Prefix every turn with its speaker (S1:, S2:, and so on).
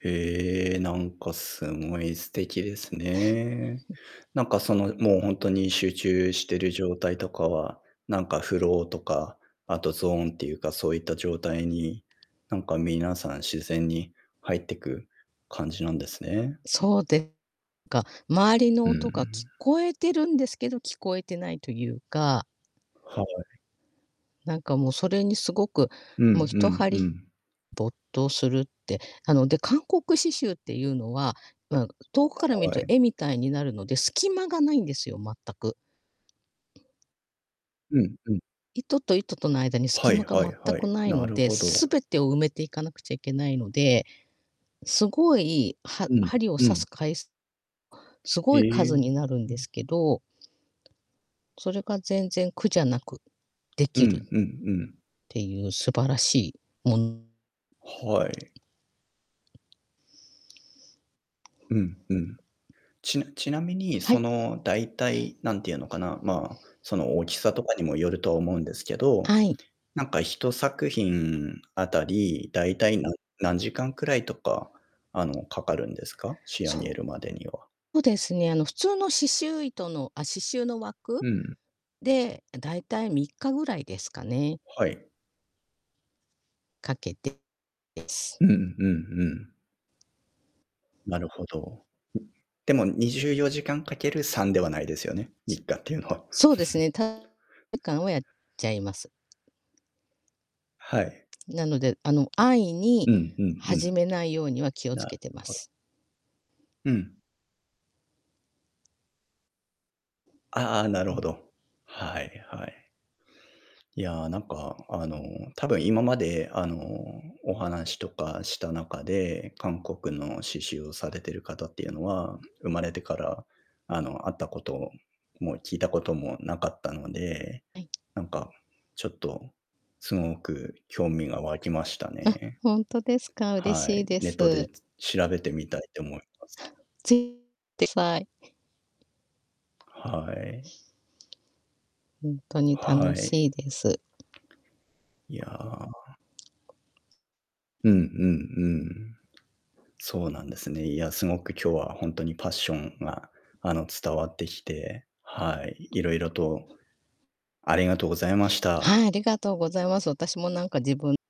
S1: へえ、なんかすごい素敵ですね。なんかその、もうほんとに集中してる状態とかは、なんかフローとか、あとゾーンっていうかそういった状態に、なんか皆さん自然に入ってく感じなんですね。
S2: そうでか、周りの
S1: う
S2: 音が聞
S1: ん。
S2: こえてるんですけど、聞こえてないというか
S1: はい。
S2: なんかもう、それにすごく、
S1: うんうん
S2: もう一
S1: う
S2: 針
S1: ん。
S2: 没頭するって、あの、で、韓国刺繍っていうのは、うん、遠くから見る
S1: は
S2: と
S1: い。
S2: 絵みたいになるので、隙間がないんですよ、全く。
S1: うんうん。
S2: 糸と糸との間に隙
S1: は
S2: 間
S1: い
S2: が
S1: は
S2: 全
S1: いは
S2: く
S1: い。
S2: ない
S1: な
S2: の
S1: る
S2: で、
S1: ほど。
S2: 全てを埋めていかなくちゃいけないので、すごいは
S1: うん、
S2: 針を
S1: う
S2: 刺
S1: ん。
S2: す回すす
S1: へ
S2: ごい
S1: え、
S2: 数
S1: ふ
S2: になるん
S1: ふ
S2: で
S1: ん。
S2: すけどそれが全然苦じゃなく、で
S1: う
S2: きる
S1: ん
S2: っ
S1: うんうん。
S2: ていう素晴らしいもん
S1: はい。うんうん。ちなちなみに、
S2: は
S1: そ
S2: い。
S1: の、大体、何て言うのかな、まあ、その大きさとかにもよると思うんですけど、
S2: あい。
S1: なんか1作品当たり、大体なん何時間くらいとか、あの、かかるんですか？仕上
S2: そ
S1: げるまでには。
S2: うですね、あの、普通の刺繍糸の、あ、刺繍の枠
S1: うん。
S2: で、あ、大体3日ぐらいですかね。
S1: はい。
S2: かけてです。
S1: うんうんうん。なるほど。うん。でも24時間掛ける3ではないですよね？3日っていうのは。
S2: そうですね、たえかんをやっちゃいます。
S1: はい。
S2: なので、あの、安易に
S1: うんうんう
S2: 始
S1: ん。
S2: めないようには気を
S1: な
S2: 付けてま
S1: ほ
S2: す。
S1: うん。ああああ、な
S2: う
S1: るほ
S2: ん。
S1: ど。はい、はい。いや、なんか、あの、多分今まであの、お話とかした中で、韓国の刺繍をされてる方っていうのは、生まれてから、あの、会ったことも聞いたこともなかったので、
S2: はい。
S1: なんか、ちょっと、凄く興味が湧きました
S2: あ、
S1: ね。
S2: ほんとですか、嬉
S1: は
S2: しい
S1: い、
S2: で
S1: ネットで、
S2: す。
S1: つ調べてみたいって思います。
S2: ちて、ふぁい。
S1: はい。
S2: ほんとに楽
S1: は
S2: し
S1: い。
S2: いです。
S1: いやうんうんうん。そうなんですね。いや、すごく今日はほんとにパッションがあの、伝わってきて、はい、色々とありがとうございました。
S2: はい、ありがとうございます。私もなんか自分